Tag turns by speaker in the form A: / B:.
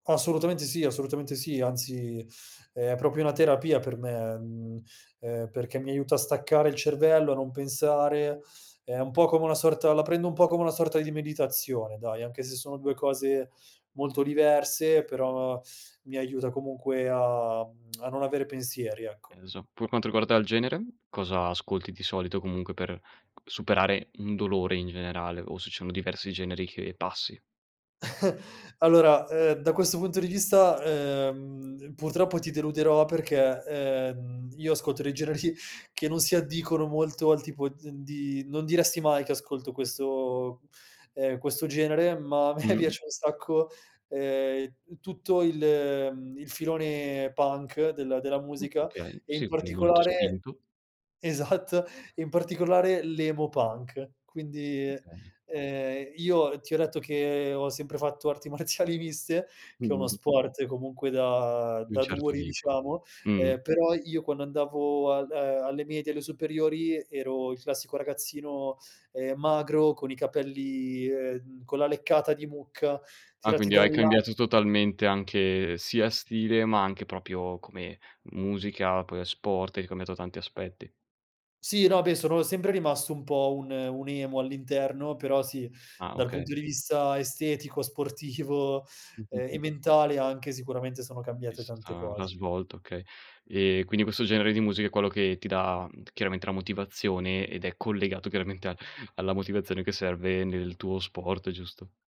A: Assolutamente sì, assolutamente sì, anzi è proprio una terapia per me, mhmm, ehm, perché mi aiuta a staccare il cervello, a non pensare. È un po' come una sorta la prendo un po' come una sorta di meditazione, dai, anche se sono 2 cose molto diverse, però mi aiuta comunque a mhmm, a non avere pensieri, ecco.
B: Eh lo so. Pur quanto riguarda il genere? Cosa ascolti di solito comunque per superare un dolore in generale o se sono diversi generi che passi?
A: Allora, ehm, da questo punto di vista, ehm, purtroppo ti deluderò perché, ehm, io ascolto dei generi che non si addicono molto al tipo di d n di non diresti mai che ascolto questo ehm, questo genere, ma a me
B: Mh.
A: piace un sacco, ehm, tutto il mhmm, il filone Punk della della
B: Mh,
A: musica,
B: okay.
A: e in
B: Sì, quindi molto
A: particolare
B: spinto.
A: esat in particolare l'Emo Punk. Quindi,
B: Okay
A: ehm, io ti ho detto che ho sempre fatto arti marziali miste, che è uno
B: Mh-mh.
A: sport comunque da
B: Di un
A: da
B: certo
A: duri
B: tipo.
A: diciamo,
B: Mh-mh.
A: ehm, però io quando andavo al a alle medie alle superiori ero il classico ragazzino, ehm, magro con i capelli, ehm, con la leccata di mucca,
B: Ah,
A: tirati
B: quindi
A: da
B: hai
A: un la
B: cambiato totalmente anche sia stile, ma anche proprio come musica, poi, ehm, sport, hai cambiato tanti aspetti.
A: Sì, no, beh, sono sempre rimasto un po' un un emo all'interno, però sì,
B: Ah,
A: dal punto
B: okay.
A: di vista estetico, sportivo,
B: Mh, mh,
A: ehm,
B: mh.
A: e mentale anche sicuramente, sono cambiate tante
B: Vissuta l'ha
A: cose.
B: svolto, okay. Ehm, quindi questo genere di musica è quello che ti dà chiaramente la motivazione ed è collegato chiaramente a alla motivazione che serve nel tuo sport, giusto?